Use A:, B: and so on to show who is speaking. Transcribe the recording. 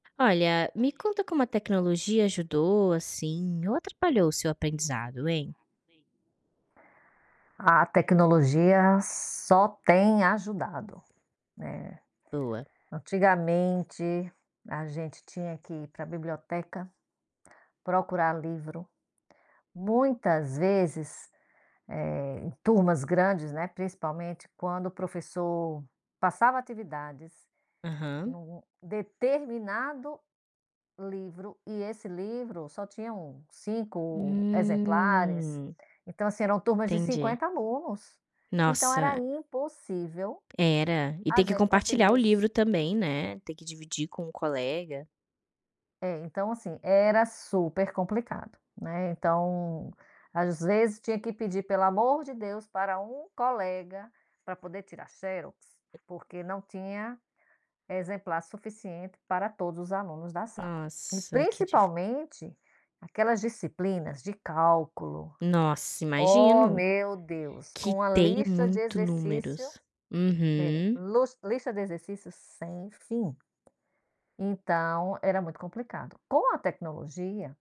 A: Olha, me conta como a tecnologia ajudou, assim, ou atrapalhou o seu aprendizado, hein?
B: A tecnologia só tem ajudado, né.
A: Boa.
B: Antigamente a gente tinha que ir pra biblioteca procurar livro, muitas vezes, eh, em turmas grandes, né, principalmente quando o professor passava atividades
A: Aham.
B: no determinado livro e esse livro só tinham um 5 exemplares.
A: Hum.
B: Então, assim, eram turmas de
A: Entendi.
B: 50 alunos, então era
A: Nossa!
B: impossível
A: Era? E
B: a
A: ter que
B: gente
A: compartilhar
B: conseguir
A: o
B: os
A: livro também, né, ter que dividir com o colega.
B: É, então, assim, era super complicado, né. Então, às vezes, tinha que pedir: "Pelo o amor de Deus" pra um colega, pra poder tirar xerox, porque não tinha exemplar suficiente para todos os alunos da sala. E
A: Nossa, que dificul
B: principalmente aquelas disciplinas de cálculo,
A: Nossa,
B: Ó
A: imagino.
B: meu Deus,
A: Que
B: com a
A: tem
B: lista de
A: muito
B: exercício
A: números.
B: é,
A: Uhum.
B: lus lista de exercícios sem fim. Então era muito complicado. Com a tecnologia